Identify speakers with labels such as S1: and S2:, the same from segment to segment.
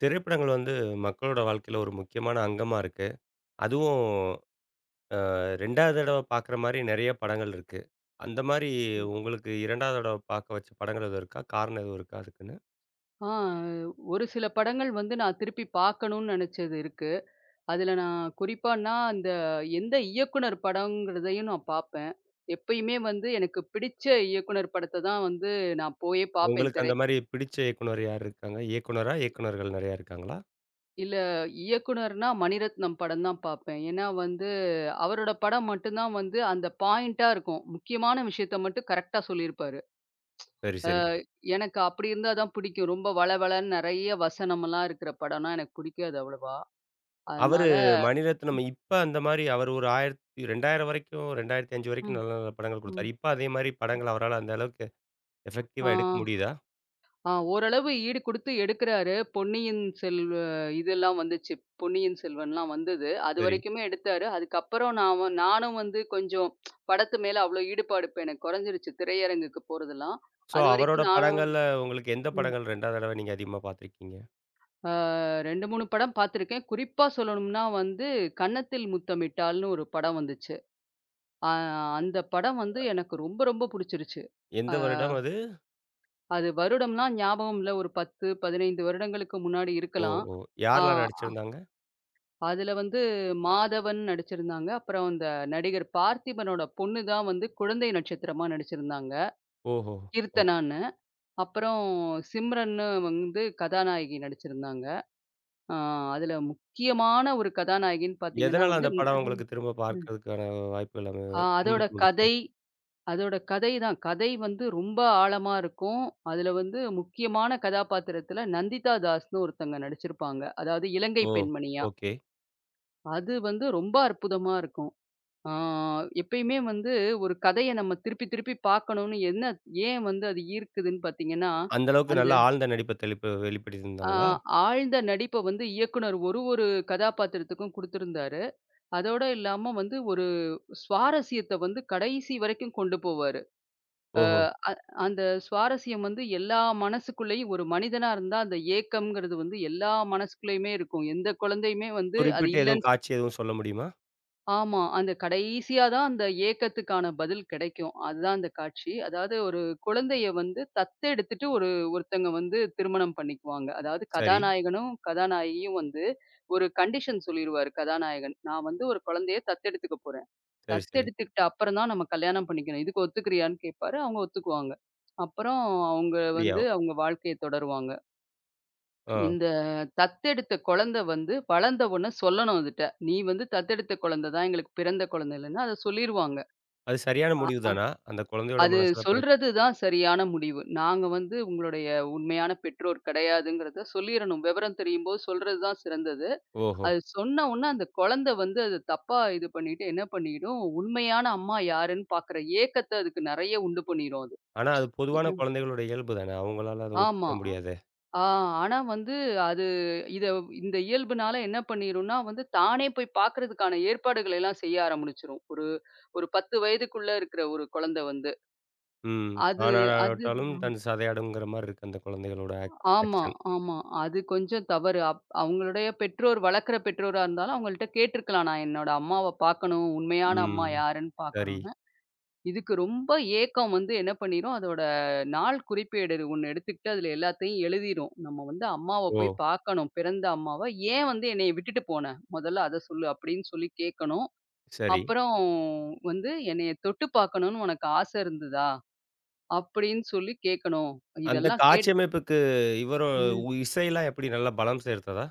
S1: திரைப்படங்கள் வந்து மக்களோட வாழ்க்கையில ஒரு முக்கியமான அங்கமா இருக்கு. அதுவும், ஆ 2வது தடவ பாக்ற மாரி நெறைய படங்கள் இருக்கு. அந்த மாரி
S2: ம்.
S1: உங்களுக்கு 2வது தடவ பாக்க வச்ச படங்கள் எதுவும் இருக்கா? காரணம் எதுவும் இருக்கா அதுக்குன்னு?
S2: ஆ. ஒரு சில படங்கள் வந்து நான் திருப்பிப் பாக்கணும்னு நெனச்சது இருக்கு. அதுல நான் குறிப்பான்னா, அந்த எந்த இயக்குநர் படம்ங்கறதையும் நா பாப்பேன். எப்பயுமே வந்து எனக்குப் பிடிச்ச இயக்குநர் படத்த தான் வந்து நான் போய்ப் பாப்பேன்,
S1: உங்களுக்கு
S2: திரை
S1: அந்த மாரி பிடிச்ச இயக்குனர் யார் இருக்காங்க? இயக்குநரா? இயக்குநர்கள் நறையா இருக்காங்களா?
S2: இல்ல. இயக்குநர்னா, மணிரத்னம் படம் தான் பாப்பேன். ஏன்னா வந்து அவரோட படம் மட்டும் தான் வந்து, அந்த பாயிண்ட்டா இருக்கும். முக்கியமான விஷயத்த மட்டும் கரெக்டா சொல்லி இருப்பாரு.
S1: சரி,
S2: அ,
S1: சரி.
S2: எனக்கு அப்டி இருந்தா தான் பிடிக்கும். ரொம்ப வளவளன்னு நறைய வசனமெல்லாம் இருக்குற படன்னா, எனக்குப் புடிக்காது அவ்வளோவா.
S1: அவரு
S2: அதனால
S1: மணிரத்னம் இப்ப அந்த மாரி அவரு ஒரு 1000 2000 வரைக்கும் 2005 வரைக்கும்
S2: ம்.
S1: நல்ல, நல்ல படங்கள் குடுத்தார்.
S2: ம்.
S1: இப்ப அதே மாரி படங்கள அவரால அந்த அளவுக்கு,
S2: அ
S1: எஃபெக்டிவ்வா எடுக்க முடியுதா?
S2: அ ஓரளவு ஈடு குடுத்து எடுக்குறாரு. பொன்னியின் செல்வ இதெல்லாம் வந்துச்சு. பொன்னியின் செல்வன்லாம் வந்தது.
S1: சரி.
S2: அதுவரைக்குமே எடுத்தாரு. அதுக்கு அப்புறம் நான் வ நானும் வந்து கொஞ்சம், படத்து மேல அவ்வளோ ஈடுபாடு இப்ப எனக்குக் கொறைஞ்சிருச்சு, திரையரங்குக்கு போறதுலாம்.
S1: சோ, அவரோட
S2: அதுவரைக்கும் நானும்
S1: படங்கள்ல உங்களுக்கு எந்த
S2: ம்.
S1: படங்கள் 2வது தடவை நீங்க அதிகமா பாத்திருக்கீங்க?
S2: அ 2, 3 படம் பாத்துருக்கேன், குறிப்பா சொல்லனும்ன்னா வந்து கன்னத்தில் முத்தம் இட்டால்ன்னு ஒரு படம் வந்துச்சு. அ அந்தப் படம் வந்து எனக்கு ரொம்ப ரொம்ப புடிச்சிருச்சு.
S1: எந்த
S2: அ
S1: வருடம் அது?
S2: அது வருடம்லாம் ஞாபகம் இல்ல. ஒரு 10, 15 வருடங்களுக்கு முன்னாடி
S1: ஓ!
S2: இருக்கலாம்.
S1: ஓ!
S2: ஆ,
S1: யார்லாம்
S2: அ
S1: நடிச்சிருந்தாங்க?
S2: அதுல வந்து மாதவன் நடிச்சிருந்தாங்க. அப்புறம் அந்த நடிகர் பார்த்திபனோட பொண்ணு தான் வந்து குழந்தை நட்சத்திரமா நடிச்சு இருந்தாங்க,
S1: ஓஹோ! ஒ.
S2: "கீர்த்தனான்னு". அப்புறம் சிம்ரன்னு வந்து கதாநாயகி நடிச்சு இருந்தாங்க. ஆ அதுல முக்கியமான ஒரு கதாநாயகின்னு பாத்தீங்கன்னா
S1: எதனால
S2: வந்து
S1: அந்தப்
S2: ம்.
S1: படம் உங்களுக்குத் திரும்ப
S2: அம் ம்.
S1: பார்க்கறதுக்கான வாய்ப்புகள் அமைய
S2: ஆ
S1: திரும்ப
S2: அதோட
S1: தூண்டுச்சு?
S2: கதை அதோட கதை தான். கதை வந்து ரொம்ப ஆழமா இருக்கும். அதுல வந்து முக்கியமான கதாபாத்திரத்துல நந்திதா தாஸ்ன்னு ஒருத்தங்க நடிச்சு இருப்பாங்க. அதாவது இலங்கை
S1: ஓ!
S2: பெண்மணியா.
S1: ஓகே.
S2: அது வந்து ரொம்ப அற்புதமா இருக்கும். ஆ எப்பையுமே வந்து ஒரு கதைய நம்ம திருப்பி திருப்பிப் பாக்கணும்ன்னு என்ன ஏன் வந்து அது ஈர்க்குதுன்னு பாத்தீங்கன்னா,
S1: அந்த அளவுக்கு
S2: அந்த
S1: நல்ல ஆழ்ந்த நடிப்ப தெளிப்பு
S2: ஆ
S1: வெளிப்படுத்தியிருந்தாங்களா?
S2: ஆழ்ந்த நடிப்ப வந்து இயக்குனர் ஒரு ஒரு கதாபாத்திரத்துக்கும் குடுத்து இருந்தாரு. அதோட இல்லாம வந்து ஒரு சுவாரஸ்யத்த வந்து கடைசி வரைக்கும் கொண்டு போவாரு. அ
S1: ஓஹோ!
S2: அந் அந்த சுவாரஸ்யம் வந்து எல்லா மனசுக்குள்ளயும் ஒரு மனிதனா இருந்தா அந்த ஏக்கம்ங்கறது வந்து எல்லா மனசுக்குள்ளயுமே இருக்கும். எந்தக் குழந்தையுமே வந்து அது
S1: குறிப்பிட்டு எதுவும்
S2: இல்லன்னு
S1: காட்சி எதுவும் சொல்ல முடியுமா?
S2: ஆமா. அந்தக் கடைசியா தான் அந்த ஏக்கத்துக்கான பதில் கிடைக்கும். அதுதான் அந்தக் காட்சி. அதாவது ஒரு குழந்தையை வந்து தத்தெடுத்துட்டு ஒரு ஒருத்தங்க வந்து திருமணம் பண்ணிக்குவாங்க. அதாவது,
S1: சரி.
S2: கதாநாயகனும் கதாநாயகியும் வந்து, ஒரு கண்டிஷன் சொல்லிருவாரு கதாநாயகன் "நான் வந்து ஒரு குழந்தையைத் தத்தெடுத்துக்கப் போறேன்.
S1: சரி, சரி.
S2: தத்தெடுத்துகிட்ட அப்புறம் தான் நம்ம கல்யாணம் பண்ணிக்கணும். இதுக்கு ஒத்துக்கிறியான்னு கேப்பாரு" அவங்க ஒத்துக்குவாங்க. அப்புறம், அவங்க வந்து
S1: அப்டியா.
S2: அவங்க வாழ்க்கையைத் தொடருவாங்க.
S1: ஆ.
S2: இந்த தத்தெடுத்த குழந்தை வந்து, வளர்ந்த உடனே சொல்லணும் அதுட்ட "நீ வந்து தத்தெடுத்த குழந்தை தான், எங்களுக்குப் பிறந்த குழந்தை இல்லன்னு" அத சொல்லிருவாங்க.
S1: அது சரியான
S2: அ, ஆ,
S1: முடிவுதானா? அந்தக் குழந்தையோட
S2: அது
S1: மனசுல பிறக்
S2: சொல்றது தான் சரியான முடிவு. நாங்க வந்து உங்களோடய உண்மையான பெற்றோர் கிடையாதுங்கறத சொல்லீரணும். விவரம் தெரியும்போது சொல்றது தான் சிறந்தது.
S1: ஓஹோ.
S2: அதைச் சொன்ன உடனே, அந்தக் குழந்தை வந்து அதைத் தப்பா இது பண்ணிட்டு என்ன பண்ணிடும்? உண்மையான அம்மா யாருன்னு பாக்குற ஏக்கத்த அதுக்கு நிறைய உண்டு பண்ணிரும் அது.
S1: ஆனா, அது
S2: ஏ
S1: பொதுவான
S2: அ.
S1: குழந்தைகளோட இயல்புதானே? அவங்களால அதை ஒத்துக்க
S2: ஆமா.
S1: முடியாதே.
S2: ஆ ஆனா வந்து, அது இத இந்த இயல்புனால என்ன பண்ணிடும்னா, வந்து தானே போய்ப் பாக்குறதுக்கான ஏற்பாடுகள எல்லாம் செய்ய ஆரம்பிச்சிடும். ஒரு ஒரு 10 வயதுக்குள்ள இருக்குற ஒரு குழந்தை வந்து.
S1: ம்.
S2: அது
S1: ஆண்
S2: அது
S1: ஆடாவிட்டாலும் தன் சதை ஆடும்ங்கிற மாரி இருக்கு, அந்தக் குழந்தைகளோட ஆக்
S2: ஆமா,
S1: ஆக்ஷன்.
S2: ஆமா. அது கொஞ்சம் தவறு. அப் அவங்களுடைய பெற்றோர், வளர்க்கிற பெற்றோர் இருந்தாலும், அவங்கள்ட்ட கேட்டுருக்கலாம், நான் என்னோட அம்மாவ பாக்கணும். உண்மையான அம்மா
S1: ம்.
S2: யாருன்னு
S1: சரி.
S2: பாக்கணும்ன்னு. இதுக்கு ரொம்ப ஏக்கம் வந்து என்ன பண்ணிடும்? அதோட நாள் குறிப்பேடுது ஒண்ணு எடுத்துக்கிட்டு, அதுல எல்லாத்தையும் எழுதீரும். நம்ம வந்து அம்மாவப் போய்
S1: ஓ!
S2: பாக்கணும். பிறந்த அம்மாவ. "ஏன் வந்து என்னைய விட்டுட்டு போன? முதல்ல அதை சொல்லு" அப்படின்னு சொல்லி கேக்கணும்.
S1: சரி.
S2: அப்புறம் வந்து "என்னைய தொட்டுப் பாக்கணும்னு உனக்கு ஆசை இருந்ததா?" அப்படின்னு சொல்லி கேக்கணும்.
S1: அந்தக்
S2: இதெல்லாம்
S1: காட்சி
S2: கேட்
S1: அமைப்புக்கு, இவரோ
S2: ம்.
S1: உ இசை எல்லாம் எப்படி நல்லா பலம் சேர்த்ததா?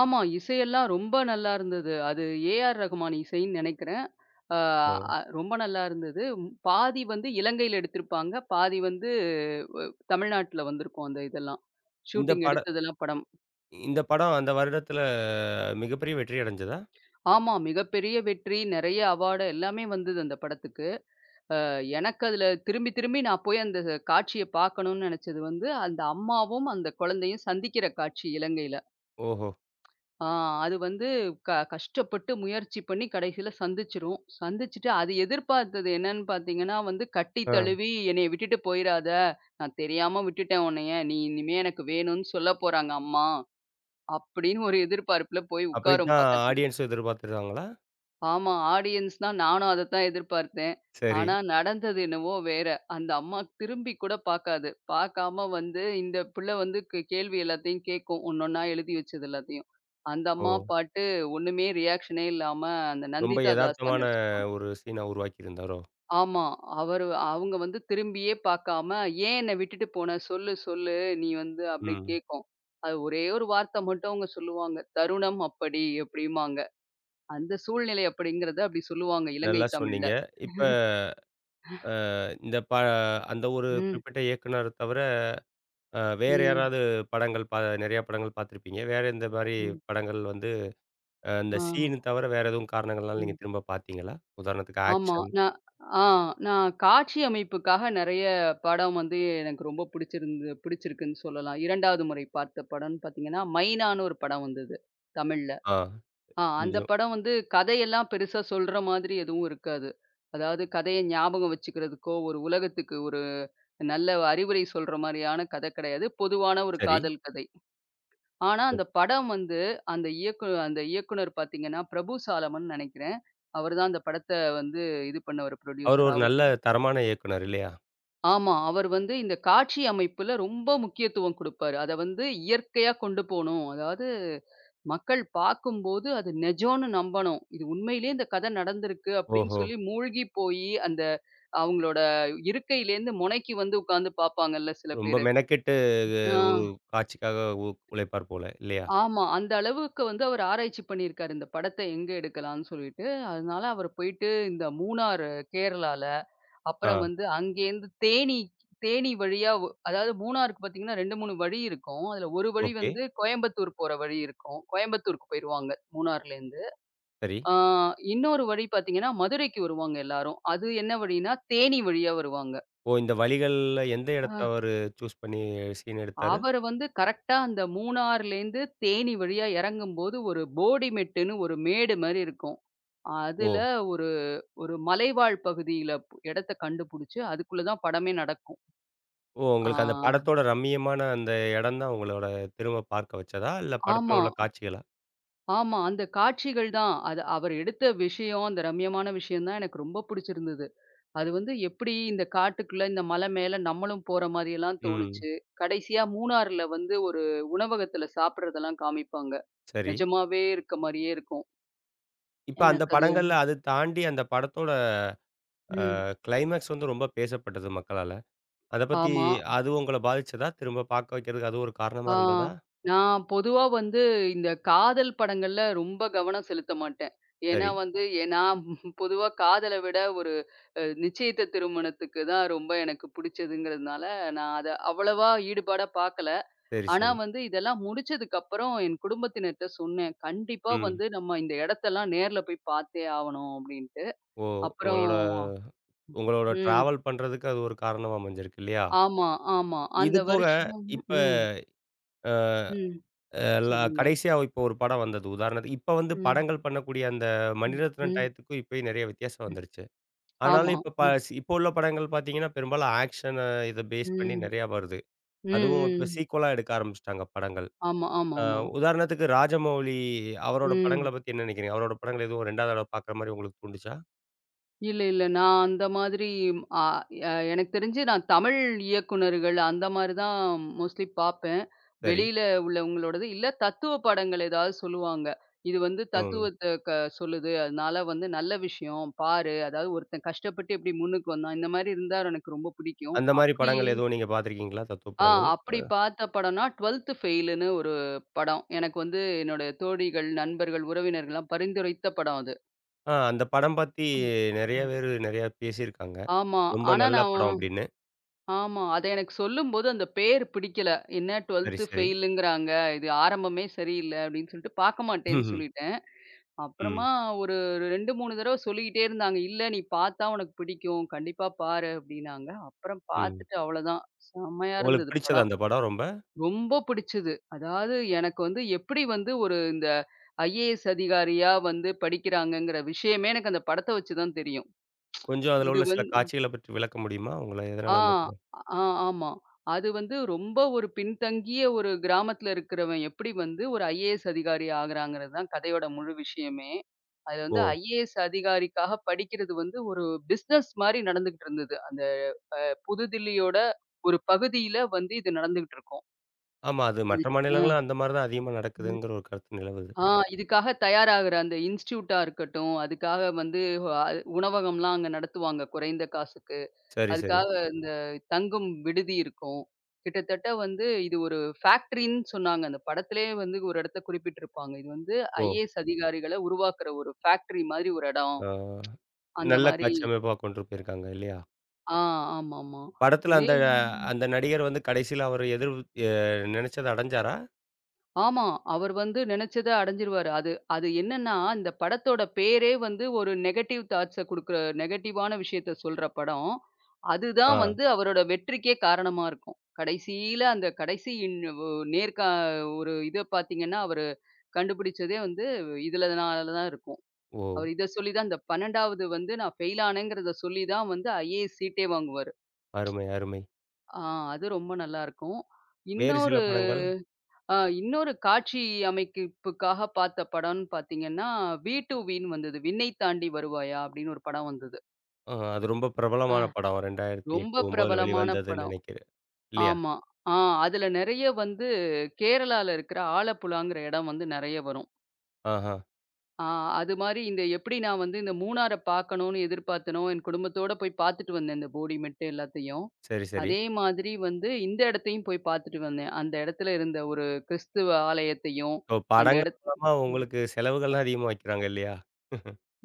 S2: ஆமா, இசையெல்லாம் ரொம்ப நல்லா இருந்தது. அது ஏ.ஆர்.ரஹ்மான் இசைன்னு நெனைக்கிறேன். அ
S1: ஓ.
S2: ரொம்ப நல்லா இருந்தது. பாதி வந்து இலங்கையில எடுத்திருப்பாங்க. பாதி வந்து அ தமிழ்நாட்டுல வந்துருக்கும், அந்த இதெல்லாம்.
S1: இந்தப்
S2: ஷூட்டிங்
S1: பட
S2: எடுத்ததெல்லாம் படம்.
S1: இந்தப் படம் அந்த வருடத்துல மிகப்பெரிய வெற்றி அடைஞ்சதா?
S2: ஆமா, மிகப்பெரிய வெற்றி. நெறைய அவார்ட் எல்லாமே வந்தது அந்தப் படத்துக்கு. அ எனக்கு அதுல திரும்பி திரும்பி நான் போய் அந்தக் காட்சியைப் பாக்கணும்ன்னு நெனைச்சது வந்து, அந்த அம்மாவும் அந்தக் குழந்தையும் சந்திக்கிற காட்சி, இலங்கையில.
S1: ஓஹோ.
S2: ஆ அது வந்து க கஷ்டப்பட்டு முயற்சி பண்ணி கடைசியில சந்திச்சுரும். சந்திச்சிட்டு அது எதிர்பார்த்தது என்னன்னு பாத்தீங்கன்னா வந்து, "கட்டி
S1: அ.
S2: தழுவி என்னைய விட்டுட்டு போயிராத, நான் தெரியாம விட்டுட்டேன் உன்னைய, நீ இனிமே எனக்கு வேணும்ன்னு சொல்லப் போறாங்க அம்மா." அப்படின்னு ஒரு எதிர்பார்ப்பில போய் உட்காரும்
S1: அப்படித்தான்
S2: பக்கத்துல.
S1: ஆடியன்ஸும் எதிர்பார்த்திருந்தாங்களா?
S2: ஆமா, ஆடியன்ஸ்ன்னா நானும் அதத்தான் எதிர்பார்த்தேன்.
S1: சரி.
S2: ஆனா நடந்தது என்னவோ வேற. அந்த அம்மா திரும்பிக்கூடப் பாக்காது. பாக்காம வந்து இந்தப் புள்ள வந்து க் கேள்வி எல்லாத்தையும் கேக்கும், ஒண்ணொண்ணா எழுதி வச்சது எல்லாத்தையும்.
S1: ஓ.
S2: அந்தம்மா பாட்டு, ஒண்ணுமே ரீயாக்ஷனே இல்லாம, அந்த
S1: ரொம்ப
S2: நந்திதா தாஸ் தான்
S1: எதார்த்தமான
S2: நடிச்சிருப்பாங்க.
S1: ஒரு சீனா உருவாக்கியிருந்தாரோ?
S2: ஆமா, அவரு அவங்க வந்து திரும்பியே பாக்காம, "ஏன் என்ன விட்டுட்டு போன? சொல்லு சொல்லு நீ வந்து" அப்படி
S1: ம்.
S2: கேக்கும். அது ஒரே 1 வார்த்தை மட்டும் அவங்க சொல்லுவாங்க, "தருணம் அப்படி." அப்படிம்பாங்க. "அந்த சூழ்நிலை" அப்படிங்கறத அப்படி சொல்லுவாங்க, இலங்கை
S1: நல்லா
S2: தமிழ்ல.
S1: சொன்னீங்க. இப்ப அ இந்தப் ப அந்த ஒரு
S2: ம்.
S1: குறிப்பிட்ட இயக்குனர தவிர, அ வேற
S2: ம்.
S1: யாராவது படங்கள் பா நெறைய படங்கள் பார்த்திருப்பீங்க. வேற எந்த மாரி
S2: ம்.
S1: படங்கள் வந்து அ இந்த
S2: ஆ.
S1: சீன் தவர வேற எதுவும் காரணங்கள்னால நீங்க
S2: ம்.
S1: திரும்பப் பார்த்தீங்களா? உதாரணத்துக்கு
S2: ஆமா,
S1: ஆக்ஷன்.
S2: நான் அ. நான் காட்சி அமைப்புக்காக நெறைய படம் வந்து எனக்கு ரொம்ப புடிச்சிருந்தது புடிச்சிருக்குன்னு சொல்லலாம். 2ஆவது முறை பார்த்த படம்ன்னு பாத்தீங்கன்னா, மைனான்னு ஒரு படம் வந்தது, தமிழ்ல.
S1: ஆ.
S2: ஆ அந்தப்
S1: [unintelligible]
S2: படம் வந்து கதை எல்லாம் பெருசா சொல்ற மாதிரி எதுவும் இருக்காது. அதாவது கதையை ஞாபகம் வச்சுக்கிறதுக்கோ, ஒரு உலகத்துக்கு ஒரு நல்ல அறிவுரை சொல்ற மாரியான கதை கெடையாது. பொதுவான ஒரு
S1: சரி.
S2: காதல் கதை. ஆனா அந்தப் படம் வந்து, அந்த இயக்கு அந்த இயக்குநர் பாத்தீங்கன்னா, பிரபு சாலமன்னு நெனைக்கிறேன். அவர் தான் அந்தப் படத்தை வந்து இது பண்ணவரு,
S1: அவரு
S2: ப்ரொட்யூசர்
S1: ஒரு
S2: அவரு.
S1: நல்ல தரமான இயக்குனர் இல்லையா?
S2: ஆமா. அவர் வந்து இந்த காட்சி அமைப்புல ரொம்ப முக்கியத்துவம் கொடுப்பாரு. அத வந்து இயற்கையா கொண்டு போணும். அதாது மக்கள் பாக்கும்போது, அது நெஜோன்னு நம்பனும். இது உண்மையிலியே இந்த கதை நடந்திருக்கு அப்படின்னு
S1: ஓஹோ.
S2: சொல்லி மூழ்கிப்போயி அந்த அவுங்ளோட இருக்கைலேந்து முனைக்கு வந்து உக்காந்து பாப்பாங்கள்ல சில
S1: ரொம்ப
S2: பேரு
S1: மெனக்கெட்டு து
S2: ஆ.
S1: ஒரு காட்சிக்காக உ உழைப்பார் போல. இல்லையா?
S2: ஆமா. அந்த அளவுக்கு வந்து அவர் ஆராய்ச்சி பண்ணிருக்காரு, இந்தப் படத்தை எங்க எடுக்கலாம்னு சொல்லிட்டு. அதனால அவர் போய்ட்டு, இந்த மூணாரு கேரளால, அப்புறம்
S1: ஆ.
S2: வந்து அங்கேந்து தேனிக்கு தேனி வழியாவு அதாது மூணாருக்கு பாத்தீங்கன்னா, 2 3 வழி இருக்கும். அதுல ஒரு வழி
S1: ஓகே.
S2: வந்து கோயம்பத்தூர் போற வழி இருக்கும். கோயம்பத்தூருக்கு போயிருவாங்க, மூணார்லேந்து.
S1: சரி.
S2: ஆ இன்னொரு வழி பாத்தீங்கன்னா, மதுரைக்கு வருவாங்க எல்லாரும். அது என்ன வழினா? தேனி வழியா வருவாங்க.
S1: ஓ! இந்த வழிகள்ல எந்த எடத்த
S2: ஆஹ்.
S1: அவரு சூஸ் பண்ணி, சீன் எடுத்தாரு?
S2: அவரு வந்து கரெக்ட்டா அந்த மூணார்லேந்து தேனி வழியா எறங்கும்போது ஒரு போடி மெட்டுன்னு ஒரு மேடு மாரி இருக்கும். அதுல,
S1: ஓ!
S2: ஒரு ஒரு மலைவாழ் பகுதியில பு இடத்தை கண்டுபுடிச்சு, அதுக்குள்ள தான் படமே நடக்கும்.
S1: ஓ! உங்களுக்கு அந்த
S2: ஆஹ்ஹ.
S1: படத்தோட ரம்மியமான அந்த எடம் தான் உங்களோட திரும்ப பார்க்க வச்சதா? இல்ல
S2: ஆமா.
S1: படத்துல உள்ள காட்சிகளா?
S2: ஆமா. அந்தக் காட்சிகள் தான். அது அவர் எடுத்த விஷயம். அந்த ரம்மியமான விஷயம் தான் எனக்கு ரொம்ப புடுச்சிருந்தது. அது வந்து எப்டி, இந்தக் காட்டுக்குள்ள இந்த மலை மேல நம்மளும் போற மாரி எல்லாம்
S1: ம்.
S2: தோணுச்சு. கடைசியா மூணார்ல வந்து, ஒரு உணவகத்துல சாப்பட்றதெல்லாம் காமிப்பாங்க.
S1: சரி.
S2: நெஜமாவே இருக்க மாரியே இருக்கும்.
S1: இப்ப அந்த
S2: எனக்கு அது
S1: படங்கள்ல அது தாண்டி அந்தப் படத்தோட, அ
S2: ம்.
S1: க்ளைமேக்ஸ் வந்து ரொம்ப பேசப்பட்டது மக்களால. அத பத்தி
S2: ஆமா.
S1: அது உங்கள பாதிச்சதா? திரும்ப பாக்க வைக்கிறதுக்கு அது ஒரு காரணமா
S2: ஆ.
S1: இருந்ததா?
S2: நான் பொதுவா வந்து இந்த காதல் படங்கள்ல ரொம்ப கவனம் செலுத்தமாட்டன். ஏன்னா
S1: சரி.
S2: வந்து, ஏ நாம் பொதுவா காதல விட ஒரு, நிச்சியத்த திருமணத்துக்குதான் ரொம்ப எனக்கு புடுச்சதுங்கறதுனால, நான் அத அவ்வளவா ஈடுபாடா பாக்கல.
S1: சரி,
S2: ஆனா
S1: சரி.
S2: வந்து, இதெல்லாம் முடுச்சதுக்கு அப்புறம் என் குடும்பத்தினர்ட்ட சொன்னேன். கண்டிப்பா
S1: ம்.
S2: வந்து நம்ம இந்த இடத்தெல்லாம் நேர்ல போய்ப் பாத்தே ஆவணும் அப்படின்டு.
S1: ஓ,
S2: அப்புறம்
S1: உங்களோட உங்களோட
S2: ம்.
S1: டிராவல் பண்றதுக்கு அது ஒரு காரணமா அமஞ்சிருக்கு இல்லையா?
S2: ஆமா, ஆமா.
S1: இது
S2: அந்த
S1: போக
S2: வருஷம்
S1: இப்ப
S2: ம்.
S1: அ,
S2: ம்.
S1: எல்லா
S2: சொல்லுங்க.
S1: கடைசியா இப்ப ஒரு படம் வந்தது. உதாரணத்துக்கு, இப்ப வந்து
S2: ம்.
S1: படங்கள் பண்ணக்கூடிய அந்த மணிரத்னம்
S2: ம்.
S1: டயத்துக்கும் இப்பயும் நெறைய வித்தியாசம் வந்துருச்சு.
S2: ஆமா,
S1: ஆனாலும் இப்ப ப
S2: அ.
S1: சி இப்ப உள்ள படங்கள் பாத்தீங்கன்னா, பெரும்பாலும் ஆக்க்ஷனா இத பேஸ் பண்ணி
S2: ம்.
S1: நெறையா வருது.
S2: ம்,
S1: அதுவும்
S2: ம்,
S1: இப்ப
S2: ம்.
S1: சீக்குவலா எடுக்க ஆரம்பிச்சுட்டாங்க படங்கள்.
S2: ஆமா,
S1: அ,
S2: ஆமாமா.
S1: உதாரணத்துக்கு ராஜமவுலி அவரோட படங்கள
S2: ம்.
S1: பத்தி என்ன நினைக்கிறீங்க? அவரோட படங்கள் எதுவும் ரெண்டாதடவ பாக்கற மாரி உங்களுக்குத் தூண்டுச்சா?
S2: இல்ல இல்ல. நான் அந்த மாதிரி அ எ எனக்குத் தெரிஞ்சு நான் தமிழ் இயக்குனர்கள் அந்த மாரி தான் மோஸ்ட்லி பாப்பேன்.
S1: சரி.
S2: வெளியில உள்ளவங்களோடது இல்ல தத்துவ படங்கள் ஏதாவது சொல்லுவாங்க. இது வந்து
S1: ம்.
S2: தத்துவத்தை க சொல்லுது. அதனால வந்து நல்ல விஷயம் பாரு. அதாவது ஒருத்தன் கஷ்டப்பட்டு எப்படி முன்னுக்கு வந்தான். இந்த மாரி இருந்தா எனக்கு ரொம்ப புடிக்கும்.
S1: அந்த மாரி
S2: அப்படி
S1: படங்கள் எதுவும் நீங்க பார்த்திருக்கீங்களா? தத்துவ
S2: அ
S1: படங்கள்.
S2: அப்படி
S1: அ.
S2: பார்த்த படம்ன்னா, 12த் ஃபெயிலுன்னு ஒரு படம். எனக்கு வந்து என்னோடய தோழிகள், நண்பர்கள், உறவினர்கள்லாம் பரிந்துரைத்த படம் அது.
S1: ஆ அந்த படம் பத்தி நெறைய பேரு, நெறைய பேசி இருக்காங்க.
S2: ஆமா.
S1: "ரொம்ப
S2: ஆனா
S1: நல்ல
S2: நான்
S1: படம்" அப்டின்னு.
S2: ஆமா. அது எனக்கு சொல்லும்போது அந்தப் பேர் பிடிக்கல. என்ன
S1: சரி,
S2: 12த்
S1: சரி.
S2: ஃபெயிலுங்கிறாங்க. "இது ஆரம்பமே சரியில்ல." அப்படின்னு சொல்லிட்டு பார்க்க மாட்டேன்னு
S1: ம்.
S2: சொல்லிட்டேன்.
S1: ம்.
S2: அப்புறமா ஒரு 2, 3 தரவ சொல்லிக்கிட்டே இருந்தாங்க. "இல்ல நீ பார்த்தா உனக்குப் பிடிக்கும். கண்டிப்பா பாரு." அப்படின்னாங்க. அப்புறம்
S1: ம்.
S2: பாத்துட்டு அவ்வளவுதான். செம்மையா
S1: உங்களுக்கு
S2: இருந்தது
S1: புடிச்சதா
S2: படம்.
S1: அந்தப் படம் ரொம்ப?
S2: ரொம்ப புடிச்சது. அதாவது எனக்கு வந்து எப்படி வந்து ஒரு இந்த ஐஏஎஸ் அதிகாரியா வந்து படிக்கிறாங்கங்கிற விஷயமே, எனக்கு அந்த படத்த வச்சு தான் தெரியும்.
S1: கொஞ்சம் அதுல
S2: இது
S1: உள்ள சில
S2: வந் அ.
S1: காட்சிகளைப் பத்தி விளக்க முடியுமா? உங்களை
S2: ஆ,
S1: எதனால அந்தப் படம்
S2: அ ஆமா. அது வந்து ரொம்ப ஒரு பின்தங்கிய ஒரு கிராமத்துல இருக்கிறவன் எப்படி வந்து ஒரு ஐஏஎஸ் அதிகாரி ஆகுறான்ங்கிறது தான் கதையோட முழு விஷயமே. அது வந்து
S1: ஓ.
S2: ஐஏஎஸ் அதிகாரிக்காகப் படிக்கிறது வந்து ஒரு பிசினஸ் மாரி நடந்துகிட்ருந்தது, அந்த அ புதுதில்லியோட ஒரு பகுதியில வந்து இது நடந்துகிட்ருக்கும்.
S1: ஆமா, அது
S2: இது
S1: மற்ற
S2: அ.
S1: மாநிலங்கள்ல அந்த மாரிதான் அதிகமா
S2: ம்.
S1: நடக்குதுங்கிற ஒரு கருத்து நிலவுது.
S2: ஆ இதுக்காக தயாராகுற அந்த இன்ஸ்ட்யூட்டா இருக்கட்டும், அதுக்காக வந்து வ உணவகம்லாம் அங்க நடத்துவாங்க, குறைந்த காசுக்கு.
S1: சரி, சரி.
S2: அதுக்காக அந்த தங்கும் விடுதி இருக்கும். கிட்டத்தட்ட வந்து இது ஒரு ஃபாக்ட்டிரின்னு சொன்னாங்க. அந்தப் படத்துலே வந்து ஒரு இடத்த குறிப்பிட்டு இருப்பாங்க. இது வந்து
S1: ஓ!
S2: ஐஏஎஸ் அதிகாரிகள உருவாக்குற ஒரு ஃபாக்ட்டிரி மாரி ஒரு இடம்.
S1: ஆ.
S2: அந்த
S1: நல்ல
S2: மாரி
S1: காட்சி அமைப்பா கொண்டு போயிருக்காங்க இல்லையா?
S2: ஆ ஆமா, ஆமா.
S1: படத்துல
S2: இதே
S1: அந்த அ
S2: [unintelligible]
S1: அந்த நடிகர் வந்து, கடைசியில அவரு எதிர் அ நெனைச்சத அடைஞ்சாரா?
S2: ஆமா. அவரு வந்து நெனைச்சத அடைஞ்சுருவாரு. அது அது என்னன்னா, இந்தப் படத்தோட பேரே வந்து ஒரு நெகடிவ் தாட்ஸ குடுக்குற நெகடிவான விஷயத்தை சொல்ற படம். அது தான்
S1: ஆ.
S2: வந்து அவரோட வெற்றிக்கே காரணமா இருக்கும். கடைசியில அந்தக் கடைசி இன் ஒரு நேர்கா ஒரு இதைப் பாத்தீங்கன்னா, அவரு கண்டுபுடிச்சதே வந்து இதுனால தான் இருக்கும்.
S1: ஓ!
S2: அவரு இத சொல்லித் தான் அந்த 12ஆவது வந்து நான் ஃபெயில் ஆனேன்ங்கிறத சொல்லி தான் வந்து, ஐஏஎஸ் சீட்டே வாங்குவாரு.
S1: அருமை, அருமை.
S2: அ அது ரொம்ப நல்லா இருக்கும்.
S1: வேறு சில
S2: இன்னொரு,
S1: படங்கள்?
S2: ஆ இன்னொரு காட்சி அமைப்புக்காக பார்த்த படம்ன்னு பார்த்தீங்கன்னா, வீ டூ வீன்னு வந்தது. 'விண்ணை தாண்டி வருவாயா' அப்படின்னு ஒரு படம் வந்தது.
S1: அ, அது ரொம்ப
S2: அ,
S1: பிரபலமான படம். இரண்டாயிரத்து
S2: ரொம்ப
S1: எட்டு 9
S2: பிரபலமான
S1: வெளிவந்ததுன்னு
S2: படம்.
S1: நினைக்கிறேன். இல்லையா?
S2: ஆமா, அ அதுல, நிறைய வந்து கேரளால இருக்குற ஆலப்புழாங்கற இடம் வந்து நிறைய வரும்.
S1: ஆஹா.
S2: அ, அது மாரி இந்த எப்படி நான் வந்து, இந்த மூணார பாக்கணுன்னு எதிர்பார்த்தேனோ, என் குடும்பத்தோட போய் பாத்துட்டு வந்தேன், அந்த போடி மெட்டு எல்லாத்தையும்
S1: சரி, சரி.
S2: அதே மாதிரி வந்து இந்த இடத்தையும் போய் பாத்துட்டு வந்தேன். அந்த இடத்துல இருந்த ஒரு கிறிஸ்தவ ஆலயத்தையும்
S1: ஓ!
S2: அந்த
S1: படங்கள்
S2: இடத்து
S1: மூலமா
S2: ம்.
S1: உங்களுக்கு செலவுகள்லாம் அதிகமா வைக்கிறாங்க இல்லையா?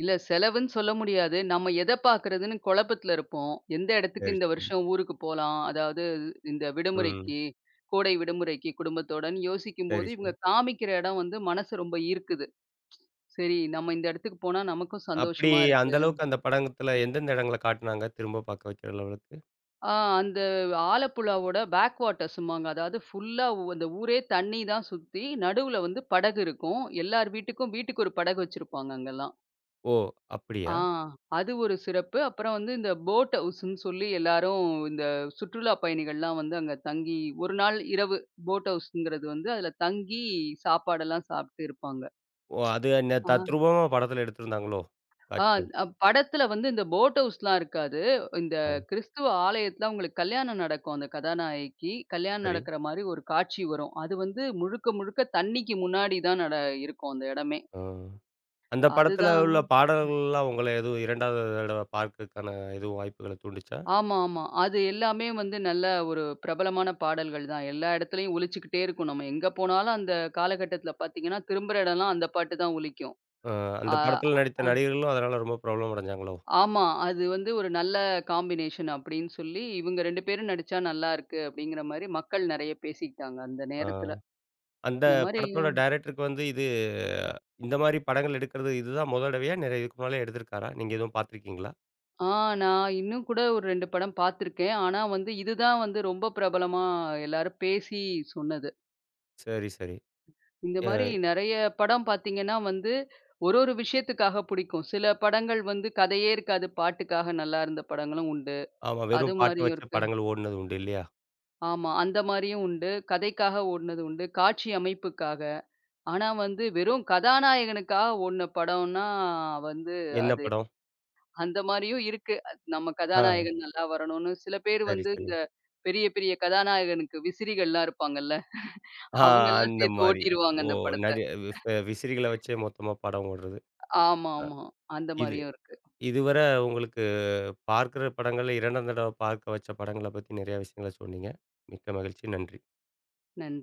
S2: இல்ல, செலவுன்னு சொல்ல முடியாது. நம்ம, எதை பாக்கறதுன்னு குழப்பத்துல இருப்போம். எந்த, இடத்துக்கு இந்த
S1: சரி,
S2: வருஷம் ஊருக்கு போலாம். அதாவது, இந்த
S1: ம்.
S2: விடுமுறைக்கு, கோடை விடுமுறைக்கு குடும்பத்தோடன்னு
S1: சரி,
S2: யோசிக்கும்போது
S1: சரி.
S2: இவங்க காமிக்கிற இடம் வந்து மனசு ரொம்ப ஈர்க்குது. சரி, நம்ம இந்த இடத்துக்கு போனா, நமக்கும்
S1: அப்படி,
S2: சந்தோஷமா
S1: அந்த
S2: இருக்கு.
S1: அளவுக்கு அந்த படங்கத்துல எந்தெந்த இடங்கள காட்டுனாங்க? திரும்ப பாக்க வெக்கிற லெவலுக்கு.
S2: அ, அந்த ஆலப்புழா ஓட பேக் வாட்டர்ஸ்ம்மாங்க. அதாவது, புல்லா அந்த ஊரே தண்ணி தான் சுத்தி நடுவுல வந்து படகு இருக்கும். எல்லார் வீட்டுக்கும், வீட்டுக்கு ஒரு படகு வச்சிருப்பாங்க, அங்கல்லாம்.
S1: ஓ!
S2: அ,
S1: அப்படியா?
S2: அது ஒரு சிறப்பு. அப்புறம், இந்த போட் ஹவுஸ்ன்னு சொல்லி எல்லாரும் இந்த சுற்றுலா பயணிகள்லாம் வந்து அங்க தங்கி ஒரு நாள் இரவு போட் ஹவுஸ்ங்கிறது வந்து அதுல தங்கி சாப்பாடு எல்லாம் சாப்பிட்டு இருப்பாங்க.
S1: ஓ! அது அன்ன
S2: அ.
S1: தத்ரூபமா படத்துல எடுத்திருந்தாங்களோ!
S2: அ
S1: காட்சிகள்.
S2: படத்துல வந்து இந்த போட் ஹவுஸ் எல்லாம் இருக்காது. இந்த
S1: அ.
S2: கிறிஸ்துவ ஆலயத்துல உங்களுக்கு கல்யாணம் நடக்கும். அந்த கதாநாயகிக்கு கல்யாணம்
S1: சரி.
S2: நடக்கற மாரி ஒரு காட்சி வரும். அது வந்து முழுக்க முழுக்க தண்ணிக்கு முன்னாடி தான் நட இருக்கும். அந்த இடமே,
S1: அ, அந்த
S2: அது
S1: படத்துல
S2: தான்
S1: உள்ள, பாடல்கள் எல்லாம் உங்களை எதுவும் 2வது தடவ பாக்கறதுக்கான எதுவும் வாய்ப்புகள தூண்டுச்சா?
S2: ஆமா, ஆமா. அது எல்லாமே, வந்து நல்ல ஒரு பிரபலமான பாடல்கள் தான். எல்லா, இடத்துலயும் ஒளிச்சிக்கிட்டே இருக்கும். நம்ம எங்க போனாலும், அந்த காலகட்டத்தில பாத்தீங்கன்னா, திரும்புற இடம்லாம் அந்த பாட்டுதான் ஒலிக்கும்.
S1: அ, அந்த
S2: அ
S1: படத்துல நடித்த
S2: அம்.
S1: நடிகர்களும், அதனால ரொம்ப பிரபலம் அடைஞ்சாங்களோ?
S2: ஆமா, அது வந்து ஒரு நல்ல காம்பினேஷன் அப்படின்னு சொல்லி, இவங்க 2 பேரும் நடிச்சா நல்லா இருக்கு அப்படிங்கற மாரி மக்கள் நிறைய பேசிட்டாங்க, அந்த
S1: அ,
S2: நேரத்துல.
S1: அந்த
S2: இந்த
S1: படத்தோட,
S2: மாரியும்
S1: டைரக்டர்க்கு வந்து இது இந்த மாரி படங்கள் எடுக்கிறது இதுதான் முத தடவையா? நெறையா இதுக்கு முன்னாலேயே எடுத்திருக்காரா? நீங்க எதுவும் பாத்துருக்கீங்களா?
S2: ஆனா, இன்னும் கூட ஒரு 2 படம் பாத்துருக்கேன். ஆனா, வந்து இது தான் வந்து ரொம்ப பிரபலமா எல்லாரும் பேசி சொன்னது.
S1: சரி, சரி.
S2: இந்த மாரி,
S1: ஏய்
S2: நிறைய படம் பாத்தீங்கன்னா வந்து, ஒரு ஒரு விஷயத்துக்காக புடிக்கும். சில, படங்கள் வந்து கதையே இருக்காது, பாட்டுக்காக நல்லா இருந்த படங்களும் உண்டு.
S1: ஆமா,
S2: அது
S1: வெறும் பாட்டு
S2: மாரியும்
S1: வச்சு
S2: இருக்கு.
S1: படங்கள் ஓடுனது உண்டு. இல்லையா?
S2: ஆமா, அந்த மாரியும் உண்டு. கதைக்காக ஓட்னதும் உண்டு. காட்சி அமைப்புக்காக ஆனா, வந்து வெறும் கதாநாயகனுக்காக ஓடுன படம்னா வந்து
S1: என்ன
S2: அது
S1: படம்?
S2: அந்த மாரியும் இருக்கு. நம்ம
S1: ஆ.
S2: கதாநாயகன் நல்லா வரணுன்னு சில பேர்
S1: சரி,
S2: வந்து
S1: சரி.
S2: இந்த பெரிய, பெரிய கதாநாயகனுக்கு விசிறிகள்லாம் இருப்பாங்க இல்ல.
S1: ஆ,
S2: அவங்க எல்லாம்
S1: அந்த
S2: சேர்த்து
S1: மாரி.
S2: ஓட்டிடுவாங்க
S1: ஓ
S2: அந்த படத்த.
S1: நடி விப் விசிறிகள வச்சே மொத்தமா படம் ஓடுறது.
S2: ஆமா, ஆமா. அந்த
S1: இது
S2: மாரியும் இருக்கு.
S1: இதுவரை உங்களுக்கு பார்க்கிற படங்கள்ல 2ஆம் தடவ பார்க்க வச்ச படங்கள பத்தி நெறைய விஷயங்கள சொன்னீங்க. மிக்க மகிழ்ச்சி. நன்றி!
S2: நன்றி!